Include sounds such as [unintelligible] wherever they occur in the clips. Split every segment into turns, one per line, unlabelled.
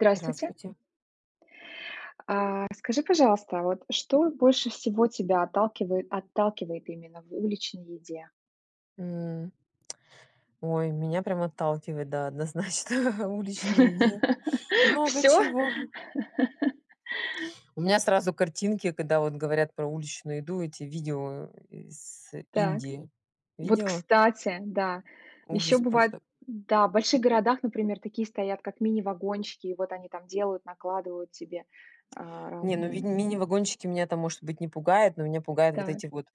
Здравствуйте.
Здравствуйте.
А, расскажи, пожалуйста, вот что больше всего тебя отталкивает отталкивает именно в уличной еде?
М. Ой, меня прям отталкивает, да, однозначно, уличные еде
[laughs]
много
Всё?
чего.
[laughs]
У меня сразу картинки, когда вот говорят про уличную еду- эти видео, э, с
Так.
Индии.
Вот,
Видела?
кстати, да еще
Ужас
бывает,
просто.
да, в больших городах, например, такие стоят как мини-вагончики, и вот они там делают накладывают тебе, а,
Не, ну
разные.
винь мини вагончики меня там может быть не пугает, но меня пугают вот
Так.
эти вот,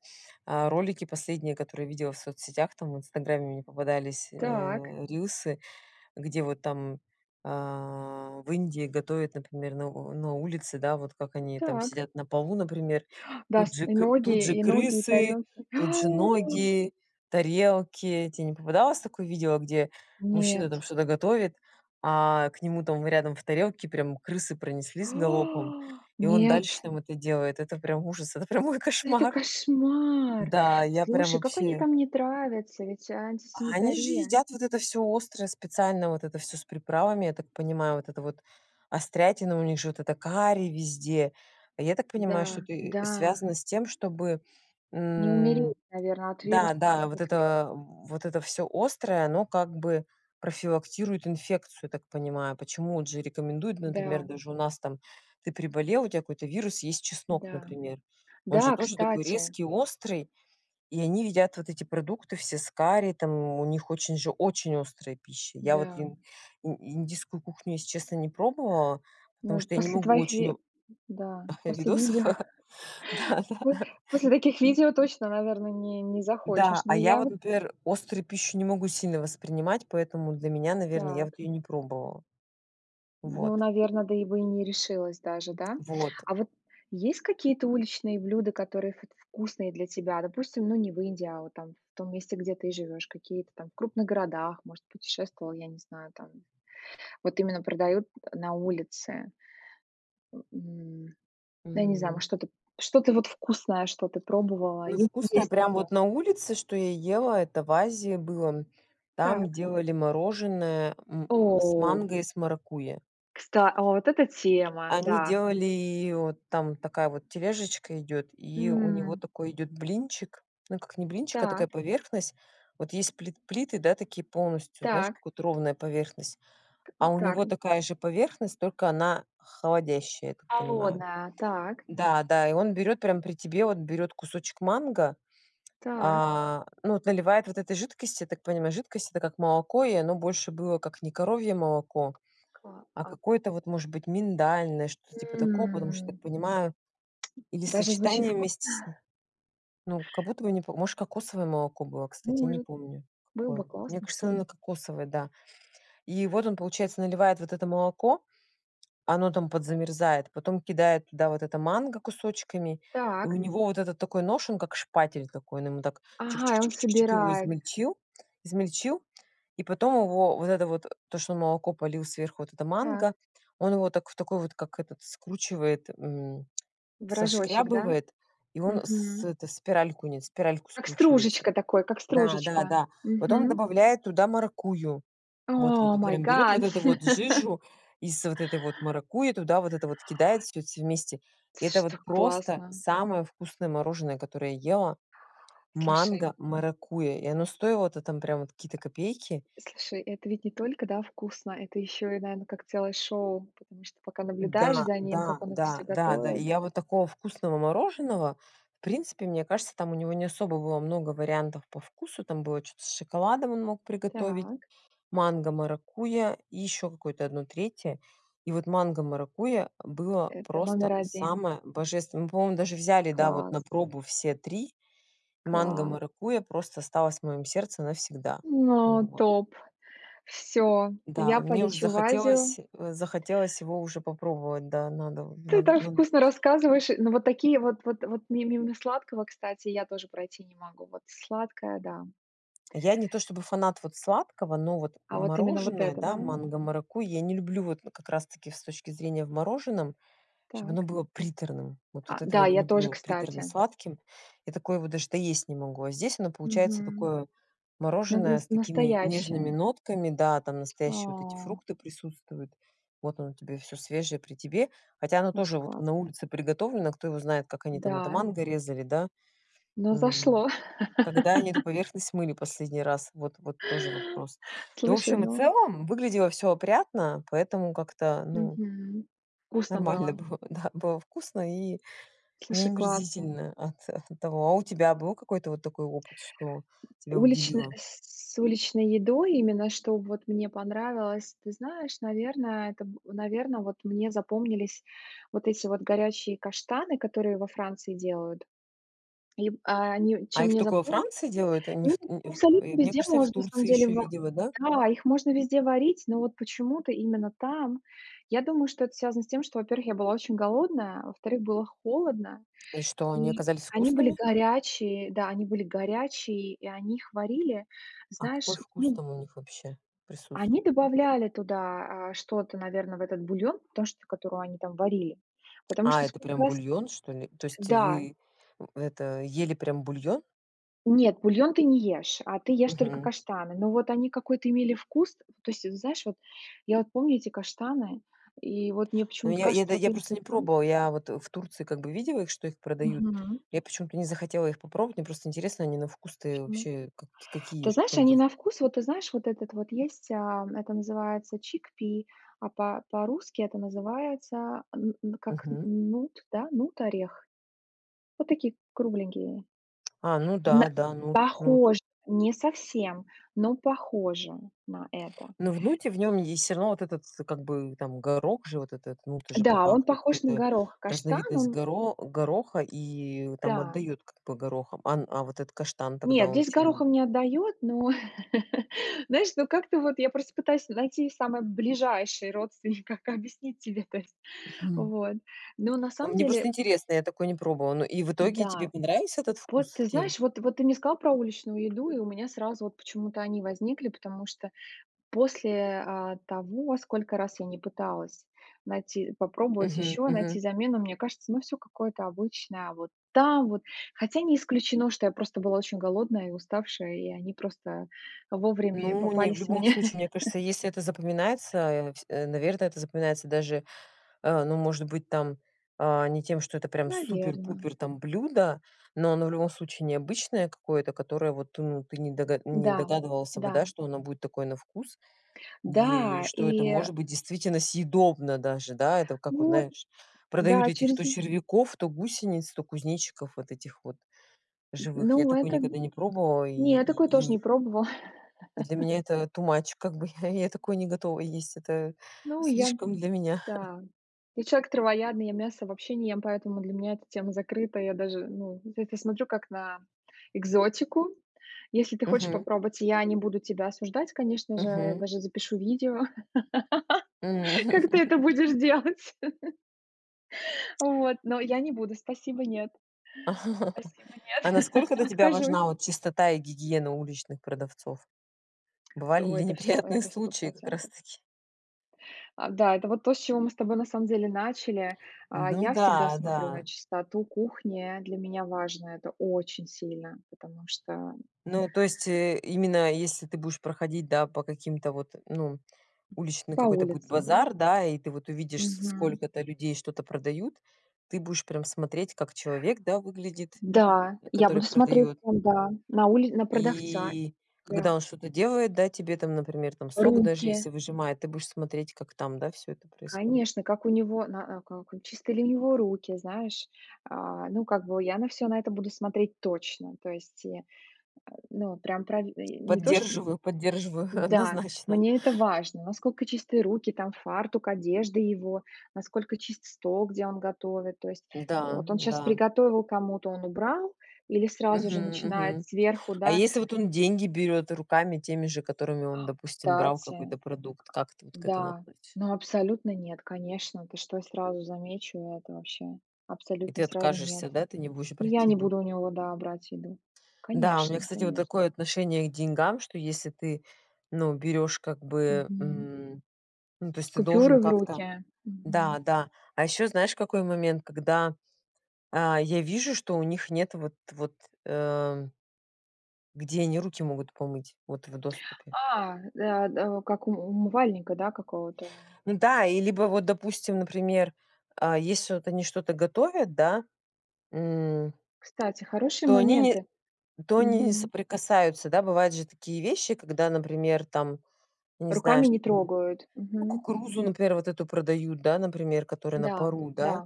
а, ролики последние, которые видела в соцсетях, там, в "Инстаграме" мне попадались,
Так.
э, рилсы, где вот там, а, в Индии готовят, например, на на улице, да. Вот как они там
Так.
сидят на полу, например,
Да
тут
с
же
и
к
ноги
тут же
и ноги, и
крысы,
тарелки.
тут же
[gasps] А!
ноги, тарелки. Те не попадалось такое видео, где мужчина,
Нет.
там, что-то готовит, а к нему, там, рядом в тарелке прям крысы
[gasps]
пронеслись галопом,
А!
и он
Нет.
дальше, там, это делает. Это прям ужас, это прямо мой
Это
кошмар.
кошмар!
Да, я прям
Слушай, какой они
вообще.
там не травятся, ведь
А они же
антисанитария.
едят вот это всё острое специально, вот это всё с приправами, я так понимаю, вот это вот острятина, у них же вот это карри везде. А я так понимаю,
Да,
что это и
да.
связано с тем, чтобы,
Не
м,
умереть, наверно, от
да,
вирусов и
да, вот
бактерий.
это вот это всё острое, оно как бы профилактирует инфекцию, я так понимаю. Почему, от же рекомендуют, например,
Да.
даже у нас там ты переболел, у тя какой-то вирус и есть чеснок,
Да,
например. Он же
да,
тоже такой
кстати.
резкий, острый. И они едят вот эти продукты все с карри, там, у них очень же, очень острая пища. Я вот
Да.
ин ин индийскую кухню, если честно не пробовала,
Ну,
потому
и
что я не
после
могу
твоих
очень
ви
о
да, после
видосов,
видео. [chuckles]
да,
По
да.
после таких видео точно, наверно, не не
Да.
захочешь,
А
но
я
я
вот,
вот
например, острую пищу не могу сильно воспринимать, поэтому для меня, наверно, я вот
Так.
её не пробовала.
Ну,
Вот.
наверно, да, и бы и не решилась даже, да?
Вот.
А вот есть какие-то уличные блюда, которые вот вкусные для тебя? Допустим, ну, не в Индии, а вот там в том месте, где ты живешь. Какие-то там в крупных городах, может, путешествовала, я не знаю, там. Вот именно продают на улице. М. Ну я не знаю,
Мгм.
может что-то что-то вот вкусное, что ты пробовала,
Ну,
если
вкусная
есть
прям
такое.
вот на улице, что я ела- это в Азии было, м. Там
Так.
делали мороженое, м, с
О!
манго и с маракуйя.
Кста а вот это тема,
Они
да
делали вот там такая вот тележечка идет, и у него
М.
такой идет блинчик, ну как, не блинчик, а такая
Так.
поверхность. Вот есть плит плиты, да, такие полностью, знаешь,
Так.
как вот ровная поверхность?
Т
А у
к так
него
н
такая же поверхность, только она холодящая, я так понимаю.
Холодная, так.
Да, да. И он берёт прям при тебе вот берёт кусочек манго,
Так.
а, ну вот наливает вот этой жидкости. Я так понимаю, жидкость, это как молоко, и оно больше было как не коровье молоко,
Кла
а
а.
какое-то вот может быть миндальное, что-то типа такого. Потому что я так
М!
понимаю или
Даже звучит
сочетание
вкусно.
вместе с ни ну, как будто бы не по может кокосовое молоко было, кстати, я не
Может,
помню,
было бы
какое. Мне
классно,
кажется
кстати.
оно кокосовое, да. И вот он получается наливает вот это молоко, оно там подзамерзает, потом кидает туда вот это манго кусочками. И у
Так.
него вот этот такой нож он как шпатель такой. Он им так чик
Ага,
чик
и он
чик чик чик чик его
собирает
измельчил измельчил и потом его вот это вот то что он молоко полил сверху вот это
Так.
манго. Он его так в такой вот как этот скручивает, м,
В рожочек, да?
сошкрябывает. И он с
Мгм.
это спиральку нис спиральку
Как
скручивается.
стружечка такой, как стружечка.
Да-да-да. Потом
Мгм.
добавляет туда маракуйю. Вот во
Oh
тут
my
прям берёт вот
God!
эту вот
[laughs]
жижу из вот этой вот маракуйи, туда вот это вот кидает всё все вместе.
Это
Это
ж
вот
так
просто
классно!
самое вкусное мороженое, которое я ела.
Слушай.
Манго-маракуйя, и оно стоило-то там прям вот какие-то копейки.
Слушай, это ведь не только, да, вкусно, это ещё и, наверно, целое шоу? Потому что пока наблюдаешь
Да,
за ним,
да,
как он это
да,
всё
да, да. И
готовит.
я вот такого вкусного мороженого, в принципе, мне кажется там у него не особо было много вариантов по вкусу. Там было чё-то с шоколадом он мог приготовить,
Так.
манго-маракуйя, и еще какое-то 1 3. И вот манго-маракуйя было
Это
просто
номер 1.
самое божественное. Мы по-моему даже взяли да вот
Класс!
на пробу все 3-
Класс!
манго-маракуйя просто осталось в моем сердце навсегда.
Но
Вот.
топ, всё,
Да,
я
мне уж
полечу в Азию.
захотелось, э, захотелось его уже попробовать, да надо вот,
Ты
надо
так
надо.
вкусно рассказываешь, и но вот такие вот вот вот миу мимо сладкого, кстати, я тоже пройти не могу. Вот сладкое, да.
Я не то чтобы фанат вот сладкого, но вот
А вот именно вот
мороженое,
это,
да,
да?
манго-маракуйя я не люблю вот как раз-таки с точки зрения в мороженом, чтоб оно
Так.
было приторным. Вот
А
вот этого
да,
не
я тоже,
люблю
кстати.
приторно-сладким. Я такое вот даже доесть не могу. А здесь оно получается
Мгм.
такое
На
мороженое с
наст
такими нежными
настоящая.
нотками, да, там настоящие вот эти
А.
фрукты присутствуют. Вот оно тебе всё свежее при тебе, хотя оно
Очень
тоже вот
классно.
на улице приготовлено, кто его знает, как они там это
Да.
манго резали, да.
Но
Мгм.
зашло.
Когда они эту
[laughs]
поверхность мыли последний раз? Вот вот тоже вопрос. Но в
Слушай,
общем и
но
целом выглядело всё опрятно, поэтому как-то ну
Мгм. Вкусно
нормально
было?
было да, было вкусно? и не
Слушай, классно.
омерзительно от от того. А у тебя был какой-то вот такой опыт, что тебя
Уличная,
удивило?
с уличной едой, именно что вот мне понравилось? Ты знаешь, наверно, это б наверно, вот мне запомнились вот эти вот горячие каштаны, которые во Франции делают. Им, а, они
А
чем
их
мне
тока во
запом
Франции делают? А не
ну,
в т у ив и
абсолютно
мне
везде
кажется я в
можно на самом
Турции
деле
ещё
ва
видела. Да?
да, их можно везде варить. Но вот почему-то именно там, я думаю, что это связано с тем, что, во-первых, я была очень голодная, а во-вторых, было холодно,
И что они
и
оказались
они были
вкусными?
горячие, да, они были горячие и они их варили,
А какой
знаешь,
вкус
ну
там у них вообще присутств
они добавляли туда, а, что-то, наверно, в этот бульон, потому что, которую они там варили. Потому
А,
что
это
сколько
прям
раз,
бульон что ли? То есть
да.
вы, э, это, ели прям бульон?
Нет, бульон ты не ешь, а ты ешь только
Мгм.
каштаны, но вот они какой-то имели вкус, то есть, знаешь, вот я вот помню эти каштаны, и вот мне
Ну
почему-то
я я да
кажется вот
я
им
просто не
там
пробовала. Я вот в Турции как бы видела их, что их продают.
Мгм.
Я почему-то не захотела их попробовать. Мне просто интересно они на вкус-то и
Почему?
вообще как, какие?
Ты
Что
знаешь,
там за
они
вк
на вкус, вот ты знаешь, вот этот вот есть, а это называется chickpea а по по-русски это называется н н как н
Мгм.
нут, да, нут орех, вот такие кругленькие.
А, ну да,
Мэ
да. Нут нут.
похож не совсем, но похоже на это.
Но в нуте в нём есть всё равно вот этот, как бы, там горох же вот этот, нут это же по
Да, он
факту
похож на
какой-то
горох. Каштан,
разновидность
он.
горо гороха и там
Да.
отдает как бы горохом. Ан а вот этот каштан тогда
Нет,
он
здесь
чем о
горохом не отдает, но [laughs] знаешь, ну как-то вот я просто пытаюсь найти самый ближайший родственник, как объяснить тебе то есть.
Мгм.
Вот. Но на самом
Мне просто
деле.
интересно, я такое не пробовала. Ну, и в итоге тебе
Да.
понравился этот
Вот
вкус
ты
тем
знаешь, вот вот ты мне сказала про уличную еду и у меня сразу вот почему-то они возникли, потому что после, а, того, сколько раз я не пыталась найти попробовать
Мгм.
еще, найти
Мгм.
замену, мне кажется, оно всё какое-то обычное, а вот там вот. Хотя не исключено, что я просто была очень голодная и уставшая, и они просто, а, вовремя
Ну, не, в
попались
любом
мне.
случае, мне
[laughs]
кажется, если это запоминается, э, всь наверно, это запоминается даже, а, ну, может быть, там, а, не тем, что это прям
Наверно.
супер-пупер там блюдо, но оно в любом случае необычное какое-то, которое вот ну ты не догад не
Да,
догадывался бы, да,
да.
что оно будет такое на вкус. Е
Да,
что это
и, э
может быть действительно съедобно даже, да. Это как вот
Вот.
знаешь, продают
Да,
этих
через
то
н
червяков, то гусениц, то кузнечиков вот этих вот
М,
живых. Я
ну,
такое
это,
никогда не пробовала и
не, я такое тоже
и и
не
их
пробовала.
для
[laughs]
меня это too much, как бы я я такое не готова есть. Это
Ну, я
слишком для меня. [chuckles]
да, я человек травоядный, я мясо вообще не ем, поэтому для меня эта тема закрыта, я даже, ну, на это смотрю как на экзотику. Если ты хочешь
Мгм.
попробовать, я не буду тебя осуждать, конечно же. Я
Мгм.
даже запишу видео [laughs]
М.
как ты
[laughs]
это будешь делать. [laughs] Вот. Но я не буду, спасибо, нет.
[laughs]
Спасибо,
А
нет. [laughs]
насколько для тебя
Откажусь.
важна вот чистота и гигиена уличных продавцов? Бывали
То
ли
это всё
неприятные
это сто
случаи как
процентов.
раз-таки?
А да, это вот то, с чего мы с тобой на самом деле начали. А
Ну
я всегда
да,
смотрю на
да.
чистоту кухни, для меня важно это очень сильно, потому что
Ну, то есть, э, именно если ты будешь проходить, да, по каким-то вот ну, уличный
По
какой-то будет
улице, да?
базар, да, и ты вот увидишь с
Мгм.
сколько-то людей что-то продают, ты будешь прям смотреть как человек, да, выглядит,
Да,
э,
я
который
буду смотреть
продает?
на да на ули на продавца,
И
да.
когда он что-то делает, да, тебе, там, например, там, сок даже
Руки.
если выжимает, ты будешь смотреть как, там, да, всё это происходит?
Конечно, как у него, на а, как и чистые ли у него руки, знаешь? А, ну, как бы я на все на это буду смотреть точно. То есть и, э, ну, прям пра и не то, что
Поддерживаю поддерживаю,
да,
однозначно.
мне это важно, насколько чистые руки, там фартук, одежда его, насколько чист стол, где он готовит. То есть
Да,
вот он щас
да.
приготовил кому-то, он убрал или сразу
Мгм.
же начинает
Мгм.
сверху,
А
да.
если вот он деньги берет руками теми же, которыми он,
А,
допустим, брал
кстати,
какой-то продукт, как ты вот к этому
да,
относь
ну абсолютно нет, конечно, ты что, я сразу замечу это вообще,
И
абсолютно,
ты
сразу нет.
откажешься, да? Ты не будешь
Я
брать
не
еду?
буду у него, да, брать еду,
Да, у меня,
конечно
кстати, вот
конечно.
такое отношение к деньгам, что если ты, ну, берёшь как бы,
Мгм.
м, ну, то есть ты
Купюры
должен
в
как-то
руки.
да,
Мгм.
да. А ещё знаешь какой момент, когда, а, я вижу, что у них нет вот вот, эм где они руки могут помыть, вот в доступе.
А, э, да, как ум умывальника, да, какого-то?
М-да, и либо вот допустим, например, а, если вот они что-то готовят, да, м,
Кстати, хорошие
то они не
моменты,
то они не
мгм.
соприкасаются. Да, бывают же такие вещи, когда, например, там, не знаю,
Руками
что
не
там,
трогают,
ну,
мгм.
кукурузу, например, вот эту продают, да, например, которая на
Да,
пару, да?
да.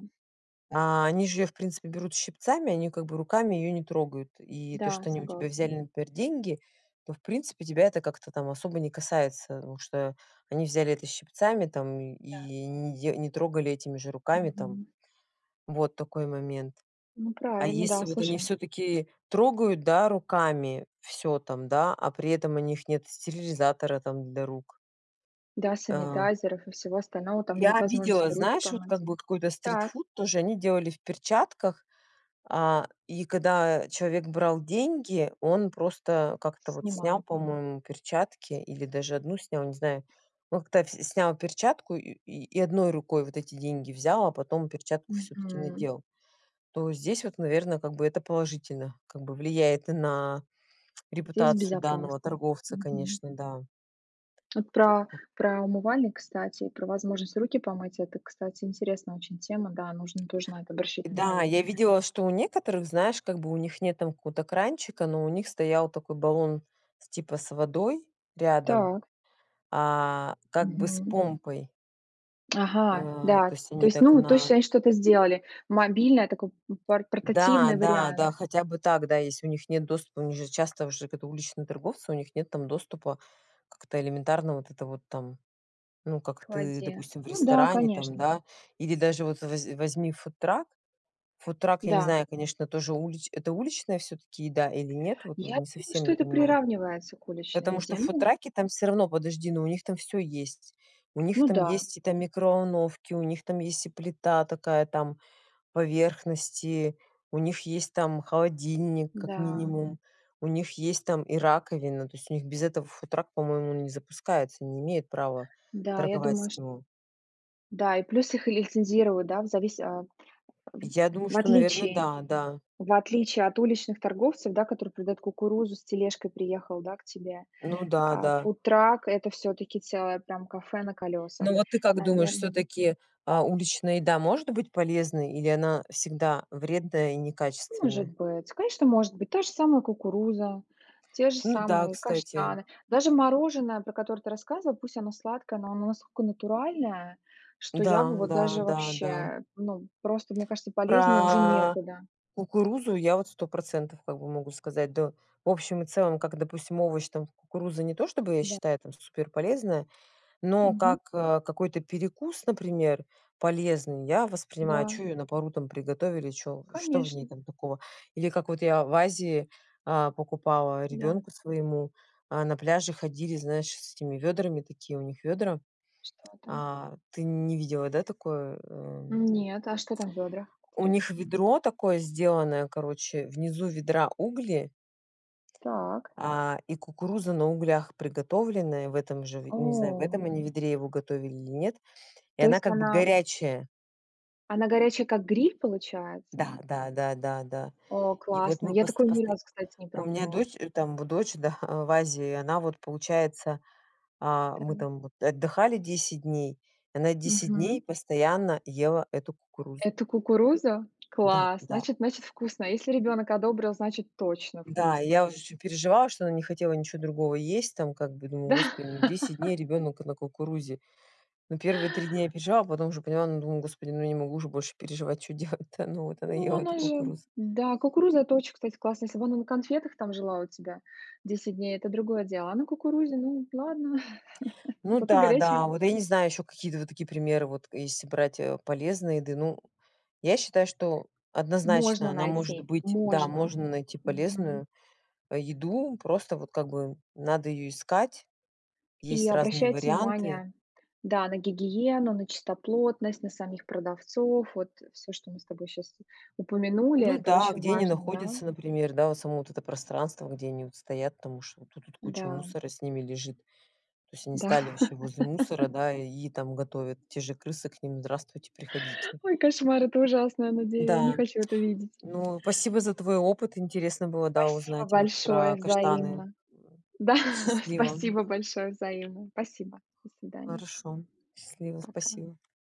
А они же её в принципе берут щипцами, они как бы руками её не трогают. И то,
Да,
что они у тебя
согласна.
взяли, например, деньги, то в принципе тебя это как-то, там, особо не касается, ну, что они взяли это щипцами, там,
Да.
и не де не трогали этими же руками, там.
Мгм.
Вот такой момент.
Ну,
А
правильно,
если
да.
вот они
Слушай.
всё-таки трогают, да, руками всё там, да, а при этом у них нет стерилизатора там для рук.
Да,
Э.
санитайзеров и всего остального, там и нет
Я видела,
возможности руки
знаешь, вот как
помыть.
бы вот какой-то
Так.
стритфуд тоже они делали в перчатках, а, и когда человек брал деньги он просто как-то вот снял,
Снимал.
по-моему, перчатки, или даже одну снял, не знаю. Ну к то вс снял перчатку и и одной рукой вот эти деньги взял, а потом перчатку всё-таки
Мгм.
надел. То здесь вот, наверно, как бы это положительно как бы влияет и на
Здесь
репутацию данного
безопасно.
торговца,
Мгм.
конечно, да.
Тут про
М.
про умывальник, кстати, и про возможность руки помыть- это, кстати, интересная очень тема, да, нужно тоже на это обращать
Да,
внимание.
я видела, что у некоторых, знаешь, как бы у них нет там какого-то кранчика, но у них стоял такой баллон типа с водой рядом,
Так.
а, как бы с
Мгм.
помпой.
Ага,
А,
да,
то есть
то
они
есть
так
ну вот точно
на
они что-то сделали. Мобильное такое, м, пор
Да,
портативный
да,
вариант.
да хотя бы так. Да, если у них нет доступа, у них же часто уже такие уличные торговцы, у них нет там доступа как-то элементарно вот это вот там, ну, как
К
ты
воде.
допустим в
Ну да,
ресторане, там,
конечно.
да. Или даже вот возь возьми фудтрак. Фудтрак я не
Да.
знаю, конечно, тоже улич это уличная всё-таки еда или нет? Вот во
Я
не
думаю,
совсем
что
не
это
понимаю.
приравнивается к уличной
Потому что
еде.
в
Ну
фудтраке там всё равно подожди, но у них там всё есть. У них
Ну
там
да.
есть и там микроволновки, у них там есть, и плита такая, там, поверхности, у них есть там холодильник как
Да.
минимум, у них есть там и раковина, то есть у них без этого фудтрак, по моему, не запускается, не имеет права
Да, я
торговать.
думаю, ш
[unintelligible]
Да, и плюс их лицензируют, да, в завис а,
Я думаю,
в
что, наверно,
отличие
да, да.
в отличие от уличных торговцев, да, которые придают кукурузу, с тележкой приехал, да, к тебе.
Ну да,
А
да.
фудтрак- это все-таки целое прям кафе на
Ну,
колесах,
вот ты как думаешь,
наверно.
всё-таки, а, уличная еда может быть полезной или она всегда вредная и
Может
некачественная?
быть, конечно, может быть, та же самая кукуруза, те же
Ну да,
самые
кстати.
каштаны, даже мороженое, про которое ты рассказывала, пусть оно сладкое, но оно насколько натуральное, что я бы
Да,
вот
да,
даже
да, да.
вообще, ну, просто мне кажется полезнее уже
Про
некуда.
кукурузу я вот 100 % как бы могу сказать, да. В общем и целом, как допустим овощ, там, кукуруза не то, чтобы я
Да.
считаю там супер полезная, но
Мгм.
как, э, какой-то перекус, например, полезный я воспринимаю.
Да.
Чё её на пару там приготовили, чё что в ней
Конечно.
там такого? Или как вот я в Азии, а, покупала
Да.
ребенку своему, а, на пляже ходили, знаешь, с этими вёдрами такие у них вёдра.
Что там?
А ты не видела, да, такое, э?
Нет, а что там в ведрах,
У них
интересно?
ведро такое сделанное, короче, внизу ведра угли,
Так.
а, и кукуруза на углях приготовленная в этом же, в не знаю, в
О.
этом они ведре его готовили или нет. И
То
она
есть
как бы
она
горячая.
она горячая, как гриль получается?
Да, да, да, да, да.
О,
И вот
классно,
мы
я
пост
такое ни
посто
разу, кстати, не
у меня
пробовала.
дочь, э, там в дочь, да, в Азии, она вот получается, а мы
Там.
там вот отдыхали 10 дней, и она 10
Мгм.
дней постоянно ела эту кукурузу.
Это кукуруза?
Да,
Класс,
да.
значит значит, вкусно. Если ребенок одобрил, значит, точно
Да, и
вкусно.
я уж очень переживала, что она не хотела ничё другого есть там, как бы, думаю,
Да.
Господи, ну 10 дней
[laughs]
ребенок на кукурузе. Ну первые 3 дня я переживала, а потом уже поняла, ну, думаю, Господи, ну я не могу уже больше переживать, чё делать-то? Ну, вот она
Ну,
ела эту
она же,
кукурузу.
да, кукуруза- это очень, кстати, классно. Если бы она на конфетах там жила у тебя 10 дней- это другое дело. А на кукурузе, ну ладно, [laughs]
Ну
зато
да,
горячее.
да. Вот я не знаю ещё какие-то вот такие примеры, вот если брать, э, полезной еды. Ну, я считаю, что однозначно,
Можно
она может
найти,
быть, да,
можно.
можно найти
Мгм.
полезную, а, еду, просто вот как бы надо её искать.
И
Есть разные
обращать
варианты.
внимание да, на гигиену, на чистоплотность, на самих продавцов. Вот всё, что мы с тобой щас упомянули.
Ну
Это
да,
очень
где они
важно, да?
находятся, например, да, вот само вот это пространство, где они стоят там уж вот тут вот куча
Да.
мусора с ними лежит. То есть они
Да.
стали все возле мусора,
[laughs]
да, и там готовят, те же крысы к ним: здравствуйте приходите.
Ой, кошмар это ужасно, я наде я не
Да.
хочу это видеть.
Ну, спасибо за твой опыт интересно было, да,
Спасибо
узнать вот
большое,
про каштаны.
взаимно. Да.
Счастливо.
Спасибо большое, взаимно. Спасибо. До свидания.
Хорошо. Счастливо.
Пока.
Спасибо.